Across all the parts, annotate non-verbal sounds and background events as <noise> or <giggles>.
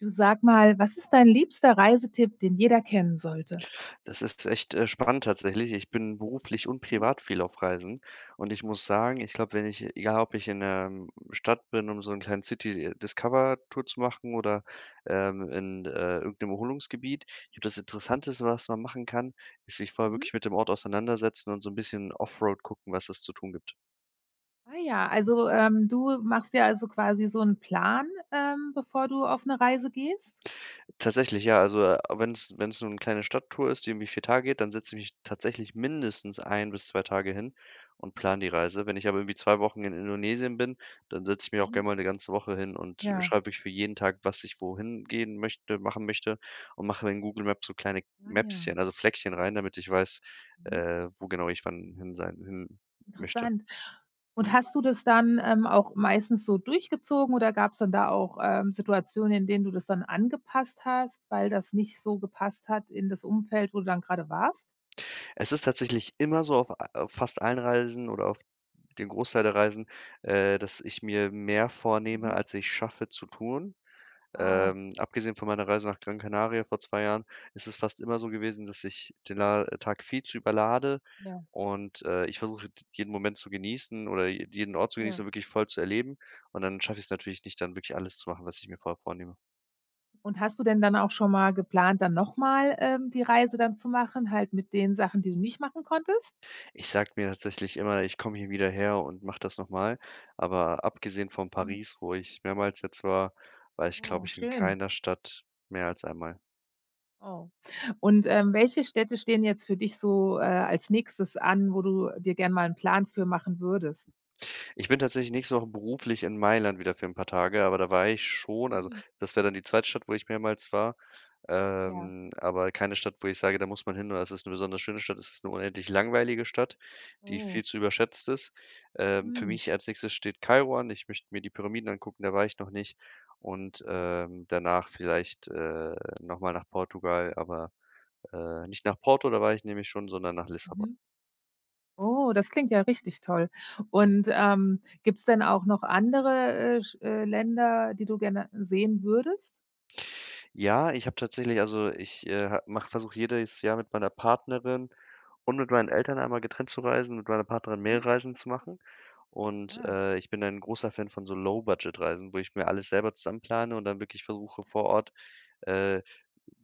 Du, sag mal, was ist dein liebster Reisetipp, den jeder kennen sollte? Das ist echt, äh, spannend tatsächlich. Ich bin beruflich und Mhm. privat viel auf Reisen, und ich muss sagen, ich glaube, wenn ich egal, ob ich in 'ner Stadt bin, um so 'n kleinen City-Discover-Tour zu machen oder, ähm, in, äh, irgend 'nem Erholungsgebiet. Ich glaube, das Interessanteste, was man machen kann, ist, sich vorher Mhm. wirklich mit dem Ort auseinandersetzen und so 'n bisschen offroad gucken, was es zu tun gibt. Ah, ja, also, ähm, du machst dir, also, quasi so 'n Plan, ähm, bevor du auf 'ne Reise gehst? Tatsächlich, ja, also, äh, wenn's wenn's nur 'ne kleine Stadttour ist, die irgendwie 4 Tage geht, dann setze ich mich tatsächlich mindestens ein bis 2 Tage hin und plane die Reise. Wenn ich aber irgendwie 2 Wochen in Indonesien bin, dann setze ich mich auch gern Mhm. mal 'ne ganze Woche hin und Ja. schreibe wirklich für jeden Tag, was ich wohin gehen möchte machen möchte und mache mir in Google Maps so kleine Ah, ja. Mapschen, also, Fleckchen rein, damit ich weiß, Mhm. äh, wo genau ich wann hin sein hin möchte. Interessant. Und Mhm. hast du das dann, ähm, auch meistens so durchgezogen oder gab's dann da auch, ähm, Situationen, in denen du das dann angepasst hast, weil das nicht so gepasst hat in das Umfeld, wo du dann grade warst? Es ist tatsächlich immer so auf, äh, fast allen Reisen oder auf den Großteil der Reisen, äh, dass ich mir mehr vornehme, Mhm. als ich schaffe zu tun. Ah. Ähm, abgesehen von meiner Reise nach Gran Canaria vor 2 Jahren ist es fast immer so gewesen, dass ich den a Tag viel zu überlade. Ja. Und, äh, ich versuche, jeden Moment zu genießen oder je jeden Ort zu Ja. genießen und wirklich voll zu erleben. Und dann schaffe ich's natürlich nicht, dann wirklich alles zu machen, was ich mir vorher vornehme. Und hast du denn dann auch schon mal geplant, dann noch mal, ähm, die Reise dann zu machen halt mit den Sachen, die du nicht machen konntest? Ich sage mir tatsächlich immer: „Ich komme hier wieder her und mach das noch mal“, aber abgesehen von Mhm. Paris, wo ich mehrmals jetzt war, war ich, glaube Oh, ich, in schön. keiner Stadt mehr als einmal. Oh. Und, ähm, welche Städte stehen jetzt für dich so, äh, als Nächstes an, wo du dir gerne mal 'n Plan für machen würdest? Ich bin tatsächlich nächste Woche beruflich in Mailand wieder für 'n paar Tage, aber da war ich schon. Also, Hm. das wär dann die zweite Stadt, wo ich mehrmals war. Ja. Ähm, aber keine Stadt, wo ich sage, da muss man hin oder es ist 'ne besonders schöne Stadt. Es ist 'ne unendlich langweilige Stadt, die Oh. viel zu überschätzt ist. Ähm, für Mhm. mich als Nächstes steht Kairo an. Ich möchte mir die Pyramiden angucken, da war ich noch nicht. Und, <unintelligible> ähm, danach vielleicht, äh, nochmal nach Portugal, aber, äh, nicht nach Porto, da war ich nämlich schon, sondern nach Lissabon. Mhm. Oh, das klingt ja richtig toll. Und ähm, gibt's denn auch noch andere, äh Sch äh, Länder, die du gerne sehen würdest? Ja, ich habe tatsächlich also, ich, äh, mache versuche jedes Jahr mit meiner Partnerin und mit meinen Eltern einmal getrennt zu reisen, mit meiner Partnerin mehrere Mhm. Reisen zu machen. Und, Ah. äh, ich bin ein großer Fan von so Low-Budget-Reisen, wo ich mir alles selber zusammenplane und dann wirklich versuche vor Ort, äh,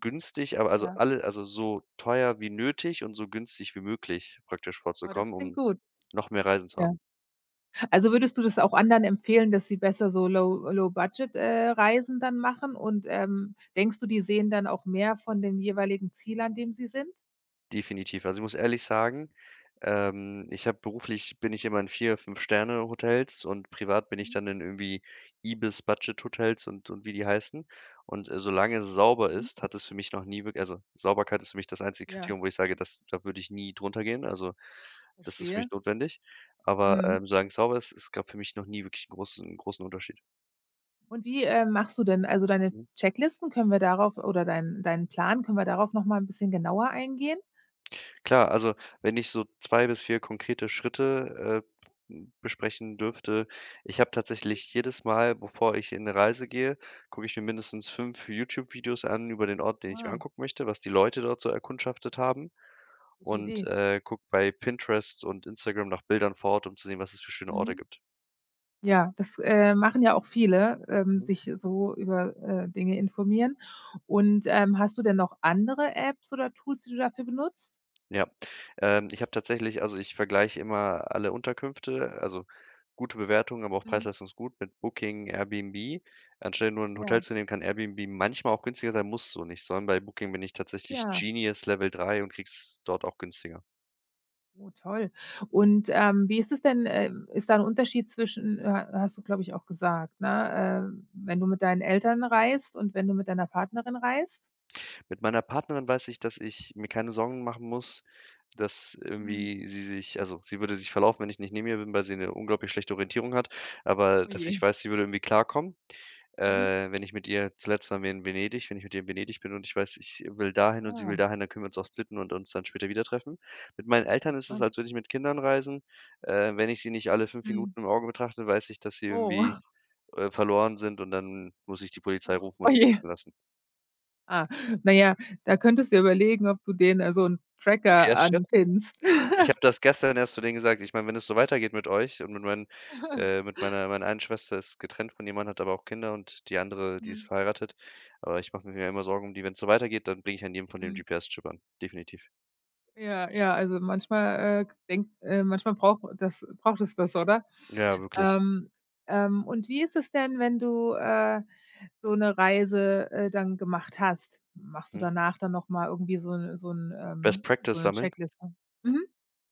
günstig aber also, Ja. alle also so teuer wie nötig und so günstig wie möglich praktisch Oh, vorzukommen das klingt um gut. noch mehr Reisen zu Ja. haben. Also würdest du das auch anderen empfehlen, dass sie besser so Low Low-Budget, äh, Reisen dann machen? Und ähm, denkst du, die sehen dann auch mehr von den jeweiligen Ziel, an dem sie sind? Definitiv. Also ich muss ehrlich sagen, ähm, ich habe beruflich bin ich immer in 4, 5 Sterne-Hotels und privat bin ich Mhm. dann in irgendwie IBIS-Budget-Hotels und und wie die heißen. Und solange es sauber Mhm. ist, hat es für mich noch nie wie also, Sauberkeit ist für mich das einzige Ja. Kriterium, wo ich sage, das da würde ich nie drunter gehen. Also das ist für Verstehe. mich notwendig, aber, Mhm. ähm, solange es sauber ist, es gab für mich noch nie wirklich 'n großen 'n großen Unterschied. Und wie, äh, machst du denn, also, deine Mhm. Checklisten können wir darauf oder deinen deinen Plan, können wir darauf noch mal 'n bisschen genauer eingehen? Klar, also, wenn ich so 2 bis 4 konkrete Schritte, äh, pf hm, besprechen dürfte. Ich habe Mhm. tatsächlich jedes Mal, bevor ich in 'ne Reise gehe, gucke ich mir mindestens 5 YouTube Videos an über den Ort, den ich mir Ah. angucken möchte, was die Leute dort so erkundschaftet haben Gute und, Idee. äh, gucke bei Pinterest und Instagram nach Bildern vor Ort, um zu sehen, was es für schöne Orte Mhm. gibt. Ja, das, äh, machen ja auch viele, ähm, Mhm. sich so über, äh, Dinge informieren. Und, ähm, hast du denn noch andere Apps oder Tools, die du dafür benutzt? Ja, ähm, ich habe tatsächlich also, ich vergleiche immer alle Unterkünfte, also, gute Bewertungen, aber auch Hm. Preisleistung ist gut mit Booking, Airbnb. Anstelle nur 'n Hotel Ja. zu nehmen, kann Airbnb manchmal auch günstiger sein, muss so nicht, sondern bei Booking bin ich tatsächlich Ja. Genius Level 3 und kriege es dort auch günstiger. Oh, toll. Hm. Und, ähm, wie ist es denn, äh, ist da 'n Unterschied zwischen, äh, hast du, glaube ich, auch gesagt, ne, äh, wenn du mit deinen Eltern reist und wenn du mit deiner Partnerin reist? Mit meiner Partnerin weiß ich, dass ich mir keine Sorgen machen muss, dass Mhm. irgendwie sie sich also, sie würde sich verlaufen, wenn ich nicht neben ihr bin, weil sie 'ne unglaublich schlechte Orientierung hat, aber Oh, dass ich je. weiß, sie würde irgendwie klarkommen, Mhm. äh, wenn ich mit ihr zuletzt waren wir in Venedig, wenn ich mit ihr Venedig bin und ich weiß, ich will dahin und sie will Ah. dahin, dann können wir uns auch splitten und uns dann später wieder treffen. Mit meinen Eltern ist es Super. als würde ich mit Kindern reisen, äh, wenn ich sie nicht alle 5 Mhm. Minuten im Augen betrachte, weiß ich, dass sie Oh. irgendwie, <snorts> äh, verloren sind und dann muss ich die Polizei Och, rufen oh, und <unintelligible> je. lassen. Ah, na ja, da könntest dir überlegen, ob du den also 'n Tracker <unintelligible> anpinnst. Ich <giggles> habe das gestern erst zu denen gesagt ich meine, wenn es so weitergeht mit euch und mit mein <giggles> äh, mit meiner meiner einen Schwester ist getrennt von ihrem Mann, hat aber auch Kinder und die andere, die ist Hm. verheiratet. Aber ich mache mir ja immer Sorgen um die. Wenn's so weitergeht, dann bringe ich an jedem von denen Mhm. GPS-Chip an, definitiv. Ja, ja, also, manchmal, äh, denkt, äh manchmal braucht das braucht es das, oder? Ja, wirklich. Ähm ähm. Und wie ist es denn, wenn du, äh, so 'ne Reise, äh, dann gemacht hast? Machst du Mhm. danach dann noch mal irgendwie so 'n so 'n, Best ähm so Practice 'ne sammeln. Checkliste? Mhm.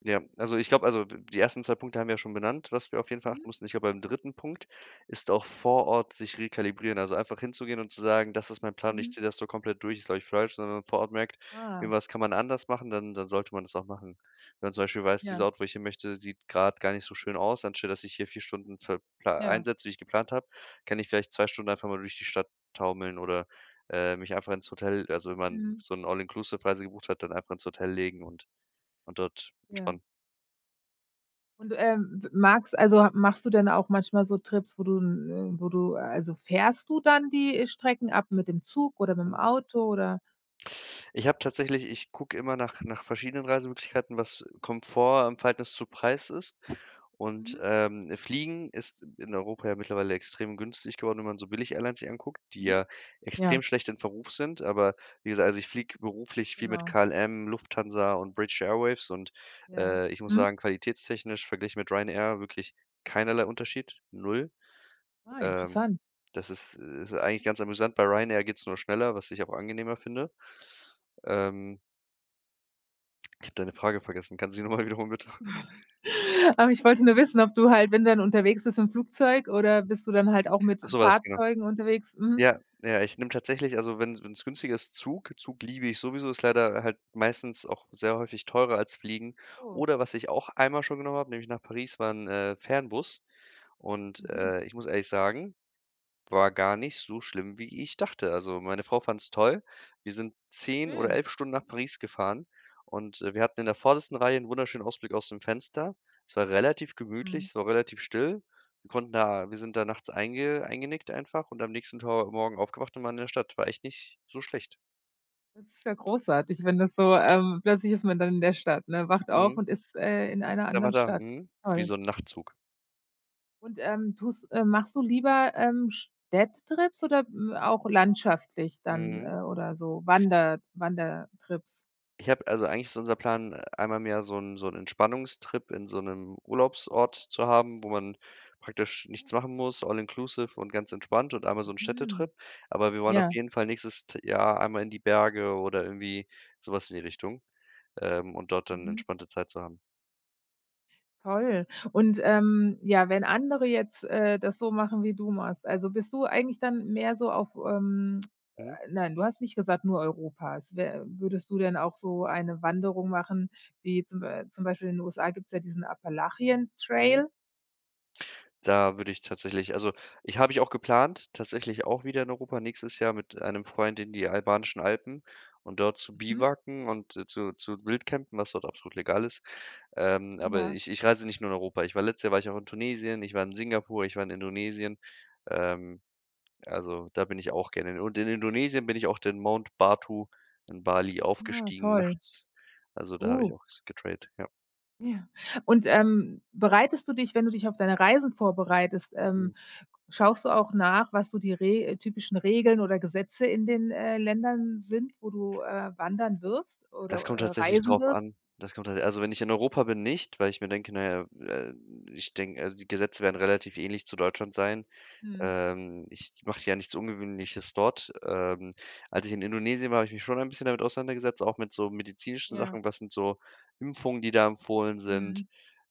Ja, also, ich glaube also, d die ersten 2 Punkte haben wir ja schon benannt, was wir auf jeden Fall achten Mhm. mussten. Ich glaube, beim 3. Punkt ist auch vor Ort sich rekalibrieren. Also, einfach hinzugehen und zu sagen: „Das ist mein Plan und ich Mhm. ziehe das so komplett durch“, ist, glaube ich, falsch, sondern vor Ort merkt, Ah. irgendwas kann man anders machen, dann dann sollte man das auch machen. Wenn man zum Beispiel weiß, dieser Ja. Ort, wo ich hin möchte, sieht grade gar nicht so schön aus. Anstatt, dass ich hier 4 Stunden für äh, Ja. einsetze, die ich geplant habe, kann ich vielleicht 2 Stunden einfach mal durch die Stadt taumeln oder, äh, mich einfach ins Hotel also, wenn man Mhm. so 'n all-inclusive-Reise gebucht hat, dann einfach ins Hotel legen und und dort Ja. entspannen. Und, ähm, m magst also, machst du denn auch manchmal so Trips, wo du n wo du also, fährst du dann die Strecken ab mit dem Zug oder mit'm Mhm. Auto oder Ich hab tatsächlich ich gucke immer nach nach verschiedenen Reisemöglichkeiten, was Komfort im Verhältnis zu Preis ist. Und, Mhm. ähm, Fliegen ist in Europa ja mittlerweile extrem günstig geworden, wenn man so Billig-Airlines sich anguckt, die Mhm. ja extrem Ja. schlecht in Verruf sind. Aber wie gesagt, also ich fliege beruflich viel mit Genau. KLM, Lufthansa und British Airways und, Ja. äh, ich muss Mhm. sagen, qualitätstechnisch verglichen mit Ryanair wirklich keinerlei Unterschied, 0. Ah, Ähm, interessant. das ist ist eigentlich ganz amüsant. Bei Ryanair geht's nur schneller, was ich auch angenehmer finde. Ähm Ich hab deine Frage vergessen, kannst du sie noch mal wiederholen, bitte? <chuckles> Aber ich wollte nur wissen, ob du halt, wenn dann unterwegs bist mit'm Flugzeug oder bist du dann halt auch mit Ach so das genau. Fahrzeugen unterwegs, mhm? Ja, ja, ich nehme tatsächlich, also wenn wenn's günstiger ist, Zug, Zug liebe ich sowieso, ist leider halt meistens auch sehr häufig teurer als Fliegen. Oh. Oder was ich auch einmal schon genommen hab, nämlich nach Paris, war 'n, äh, Fernbus und, Mhm. äh, ich muss ehrlich sagen, war gar nicht so schlimm, wie ich dachte. Also, meine Frau fand's toll. Wir sind 10 oder Schön. 11 Stunden nach Paris gefahren und, äh, wir hatten in der vordersten Reihe 'n wunderschönen Ausblick aus dem Fenster. Es war relativ gemütlich, Mhm. es war relativ still. Wir konnten da wir sind da nachts einge eingenickt einfach und am nächsten Ta Morgen aufgewacht und waren in der Stadt war echt nicht so schlecht. Das ist ja großartig, wenn das so ähm, plötzlich ist man dann in der Stadt, ne, wacht auf Mhm. und ist, äh, in einer Da war anderen da, Stadt. mhm. Wie Toll. so 'n Nachtzug. Und, ähm, tust äh, machst du lieber, ähm, Städtetrips oder auch landschaftlich dann, Mhm. äh oder so Wander Wandertrips? Ich habe also, eigentlich ist unser Plan, einmal im Jahr so 'n so 'n Entspannungstrip in so 'nem Urlaubsort zu haben, wo man praktisch nichts machen muss, all inclusive und ganz entspannt und einmal so 'n Städtetrip. Mhm. Aber wir wollen auf Ja. jeden Fall nächstes t Jahr einmal in die Berge oder irgendwie so was in die Richtung, ähm, und dort dann 'ne Mhm. entspannte Zeit zu haben. Toll. Und, ähm ja, wenn andere jetzt, äh, das so machen wie du, machst, also, bist du eigentlich dann mehr so auf, ähm Mhm. nein, du hast nicht gesagt, nur Europas. Wär würdest du denn auch so eine Wanderung machen, wie zum Bei zum Beispiel in den USA gibt's ja diesen Mhm. Appalachian-Trail? Da würde ich tatsächlich also, ich habe ich auch geplant, tatsächlich auch wieder in Europa nächstes Jahr mit einem Freund in die albanischen Alpen und dort zu Mhm. Biwakieren und zu zu Wildcampen, was dort absolut legal ist. Ähm, aber Ja. ich ich reise nicht nur in Europa. Ich war letztes Jahr war ich auch in Tunesien, ich war in Singapur, ich war in Indonesien. Ähm, also da bin ich auch gerne. Und in Indonesien bin ich auch den Mount Batur in Bali Ja, aufgestiegen toll. nachts. Also, da habe ich Oh. auch s getrailed, ja. Ja. Und, ähm, bereitest du dich wenn du dich auf deine Reisen vorbereitest, Mhm. ähm, schaust du auch nach, was so die Re typischen Regeln oder Gesetze in den, äh, Ländern sind, wo du, äh, wandern wirst oder, Das kommt äh, tatsächlich reisen drauf wirst? an. Das kommt also, wenn ich in Europa bin nicht, weil ich mir denke, na ja, äh, ich denke also, die Gesetze werden relativ ähnlich zu Deutschland sein. Mhm. Ähm, ich mache ja nichts Ungewöhnliches dort. Ähm, als ich in Indonesien war, habe ich mich schon ein bisschen damit auseinandergesetzt, auch mit so medizinischen Ja. Sachen. Was sind so Impfungen, die da empfohlen sind. Mhm.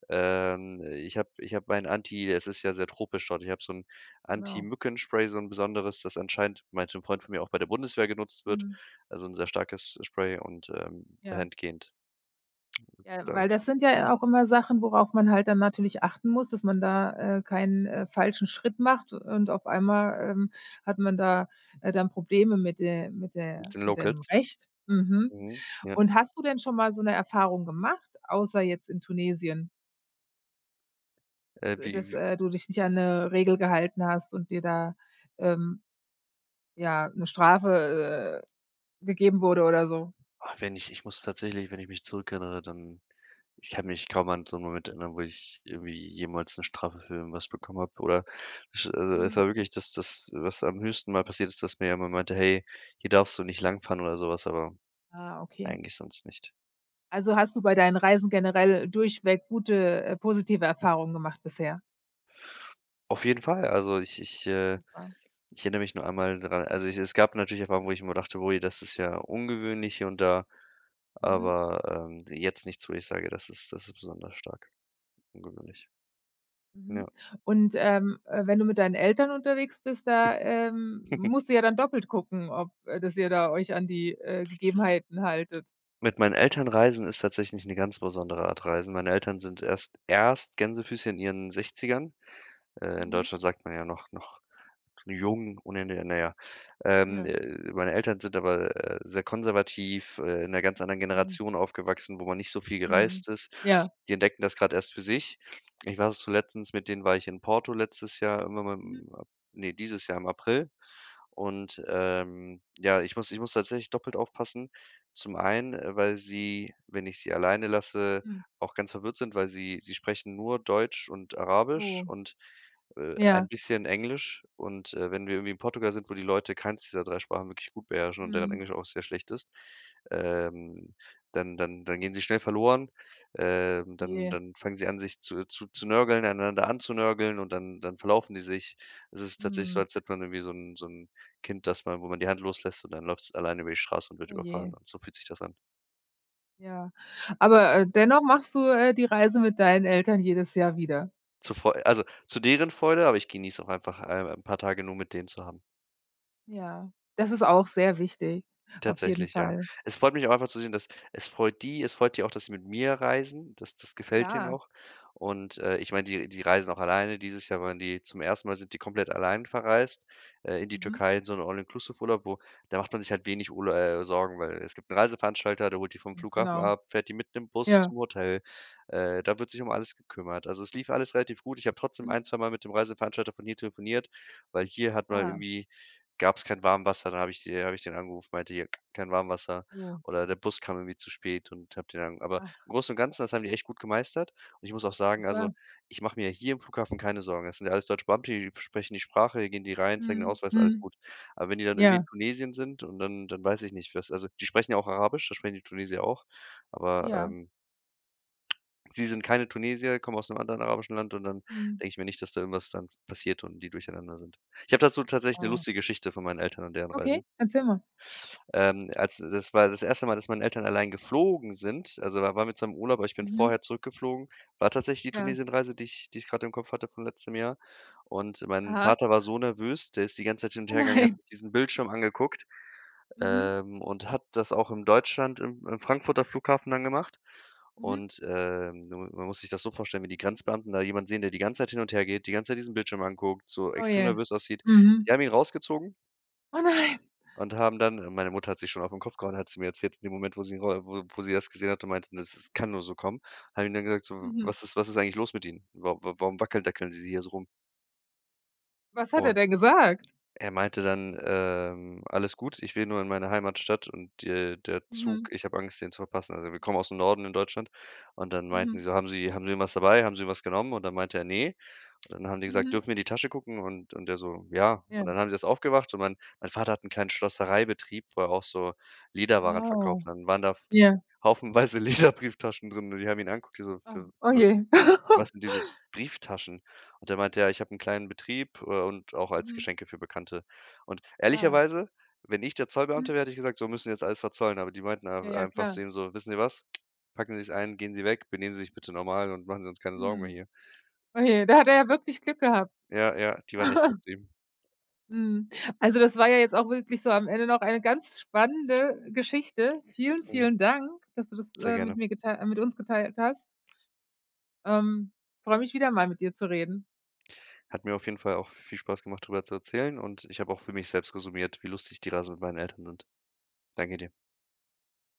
Ähm, ich habe ich habe meinen Anti es ist ja sehr tropisch dort ich habe so 'n Anti Genau. Mückenspray so 'n besonderes, das anscheinend- meinte 'n Freund von mir- auch bei der Bundeswehr genutzt wird. Mhm. Also, 'n sehr starkes Spray und, ähm, Ja. dahingehend Ja, weil das <unintelligible> sind ja auch immer Sachen, worauf man halt dann natürlich achten muss, dass man da, äh, keinen, äh, falschen Schritt macht. Und auf einmal, ähm, hat man da, äh, dann Probleme mit de mit de Mit den mit Locals? dem Recht. Mhm. Mhm. Ja. Und hast du denn schon mal so 'ne Erfahrung gemacht, außer jetzt in Tunesien? Äh, Dass äh, wie dass, wie äh, du dich nicht an 'ne Regel gehalten hast und dir da, ähm, ja, 'ne Strafe, äh, gegeben wurde oder so. Oh, wenn ich ich muss tatsächlich, wenn ich mich zurückinnere, dann ich kann mich kaum an so 'nen Moment erinnern, wo ich irgendwie jemals 'ne Strafe für irgendwas bekommen habe, oder Sch also, es Mhm. war wirklich das das, was am höchsten Mal passiert ist, dass mir jemand meinte: „Hey, hier darfst du nicht lang fahren“, oder so was, aber, Ah, okay. eigentlich sonst nicht. Also hast du bei deinen Reisen generell durchweg gute, äh, positive Erfahrungen gemacht bisher? Auf jeden Fall, also ich ich äh, Super. ich erinnere mich nur einmal dra also, ich es gab natürlich auch Erfahrungen, wo ich immer dachte: „Oh je, das ist ja ungewöhnlich und da“ Mhm. aber, ähm, jetzt nichts, wo ich sage, das ist das ist besonders stark, ungewöhnlich. Mhm, Ja. und, ähm, äh, wenn du mit deinen Eltern unterwegs bist, da, ähm, <snorts> musst du ja dann doppelt gucken, ob äh, dass ihr da euch an die, äh, Gegebenheiten haltet. Mit meinen Eltern reisen ist tatsächlich 'ne ganz besondere Art, Reisen. Meine Eltern sind erst, erst Gänsefüßchen in ihren 60ern. Äh, in Mhm. Deutschland sagt man ja noch noch jung, ohne Ende na ja. Ähm, Ja. äh, meine Eltern sind aber sehr konservativ, äh, in 'ner ganz anderen Mhm. Generation aufgewachsen, wo man nicht so viel Mhm. gereist ist. Ja. Die entdecken das grad erst für sich. Ich war erst zu letztens mit denen war ich in Porto letztes Jahr, irgendwann Mhm. mal ne, dieses Jahr im April. Und, ähm, ja, ich muss ich muss tatsächlich doppelt aufpassen. Zum einen, äh, weil sie, wenn ich sie alleine lasse, Hm. auch ganz verwirrt sind, weil sie sie sprechen nur Deutsch und Arabisch Oh. und, äh, ein Ja. bisschen Englisch. Und, äh, wenn wir irgendwie in Portugal sind, wo die Leute keins dieser 3 Sprachen wirklich gut beherrschen und deren Mhm. Englisch auch sehr schlecht ist, ähm, dann dann dann gehen sie schnell verloren. Ähm, dann Je. dann fangen sie an, sich zu zu zu nörgeln, einander an zu nörgeln und dann dann verlaufen die sich. Es ist tatsächlich so, Hm. als hätte man irgendwie so 'n so 'n Kind, dass man wo man die Hand loslässt und dann läuft's alleine über die Straße und wird überfahren Ohje. und so fühlt sich das an. Ja, aber, äh, dennoch machst du, äh, die Reise mit deinen Eltern jedes Jahr wieder. Zu Freu also, zu deren Freude, aber ich genieße auch einfach, äh, ein paar Tage nur mit denen zu haben. Ja, das ist auch sehr wichtig, auf jeden Tatsächlich, ja. Fall. Es freut mich auch einfach zu sehen, dass es freut die, es freut die auch, dass sie mit mir reisen. Das das gefällt denen Klar. auch. Und, äh, ich meine, die die reisen auch alleine. Dieses Jahr waren die zum 1. Mal sind die komplett allein verreist, äh, in die Mhm. Türkei, in so 'n All-Inclusive-Urlaub, wo da macht man sich halt wenig Ul äh, Sorgen, weil es gibt 'n Reiseveranstalter, der holt die vom Ganz Flughafen genau. ab, fährt die mit 'nem Bus, Ja. zum Hotel. Äh, da wird sich um alles gekümmert. Also, es lief alles relativ gut. Ich hab trotzdem Mhm. ein, zweimal mit dem Reiseveranstalter von hier telefoniert, weil hier hat man Ah. irgendwie gab's kein Warmwasser. Dann habe ich die habe ich den angerufen, meinte hier: „Kein Warmwasser,“ Oh. oder der Bus kam irgendwie zu spät und habe die dann aber Ach. im Großen und Ganzen, das haben die echt gut gemeistert. Und ich muss auch sagen, also, Sogar. ich mache mir hier im Flughafen keine Sorgen. Es sind ja alles Deutsche Beamte, die sprechen die Sprache, gehen die rein, zeigen den Mhm. Ausweis, alles Mhm. gut. Aber wenn die dann irgendwie in Ja. Tunesien sind und dann dann weiß ich nicht, was also, die sprechen ja auch Arabisch, das sprechen die Tunesier auch, aber, Ja. ähm sie sind keine Tunesier, kommen aus 'nem anderen arabischen Land und dann Mhm. denke ich mir nicht, dass da irgendwas dann passiert und die durcheinander sind. Ich habe dazu tatsächlich 'ne Oh. lustige Geschichte von meinen Eltern und deren Reisen. Okay, erzähl mal. Ähm, als das war das 1. Mal, dass meine Eltern allein geflogen sind, also da waren wir zusammen im Urlaub, aber ich bin Mhm. vorher zurückgeflogen, war tatsächlich die Ja. Tunesienreise, die ich die ich grad im Kopf hatte vom letztem Jahr. Und mein Aha. Vater war so nervös, der ist die ganze Zeit hin und Oh, hergegangen, hat nein. diesen Bildschirm angeguckt, Mhm. ähm, und hat das auch im Deutschland im im Frankfurter Flughafen dann gemacht. Mhm. Und, ähm, du man man muss sich das so vorstellen, wie die Grenzbeamten da jemanden sehen, der die ganze Zeit hin und hergeht, die ganze Zeit diesen Bildschirm anguckt, so Oh extrem je. nervös aussieht. Mhm. Die haben ihn rausgezogen Oh nein. und haben dann, äh meine Mutter hat sich schon auf 'n Kopf gehauen, hat sie mir erzählt in dem Moment, wo sie ihn ro wo wo sie das gesehen hat und meinte: <unintelligible> „Es kann nur so kommen.“ Haben ihm dann gesagt: „So, Mhm. was ist was ist eigentlich los mit Ihnen? Wa wa warum wackeldackeln sie hier so rum?“ Was hat er Und denn gesagt? er meinte dann, ähm: „Alles gut, ich will nur in meine Heimatstadt und, äh, der Zug Mhm. ich habe Angst, den zu verpassen.“ Also, wir kommen aus'm Norden in Deutschland, und dann meinten Mhm. sie so: „Haben sie haben sie was dabei? Haben sie was genommen?" Und dann meinte er: „Ne.“ Dann haben die gesagt: Mhm. „Dürfen wir in die Tasche gucken?“ Und und er so: „Ja.“ Und Ja. dann haben sie das aufgemacht und mein mein Vater hat 'n kleinen Schlossereibetrieb, wo er auch so Lederwaren Ah. verkauft hat. Dann waren da Ja haufenweise Lederbrieftaschen drin und die haben ihn angeguckt, die so: Ah, „Für oh für was sind je. <chuckles> was sind diese Brieftaschen?“ Und der meinte: „Ja, ich habe 'n kleinen Betrieb, äh, und auch als Mhm. Geschenke für Bekannte.“ Und Ah. ehrlicherweise, wenn ich der Zollbeamte wäre, Mhm. hätte ich gesagt: „So, müssen sie jetzt alles verzollen“, aber die meinten da Ja ja, einfach zu klar. ihm so: „Wissen Sie was? Packen sie's ein, gehen sie weg, benehmen sie sich bitte normal und machen sie uns keine Sorgen mehr Mhm. hier.“ Ohje, da hat er ja wirklich Glück gehabt. Ja, ja, die waren echt nett <chuckles> zu ihm. Mhm. Also, das war ja jetzt auch wirklich so am Ende noch eine ganz spannende Geschichte. Vielen, Mhm. vielen Dank, dass du das, Sehr äh, mit gerne. mir geteil äh, mit uns geteilt hast. Ähm. Freue mich wieder mal mit dir zu reden. Hat mir auf jeden Fall auch viel Spaß gemacht, drüber zu erzählen, und ich habe auch für mich selbst resümiert, wie lustig die Reisen mit meinen Eltern sind. Danke dir.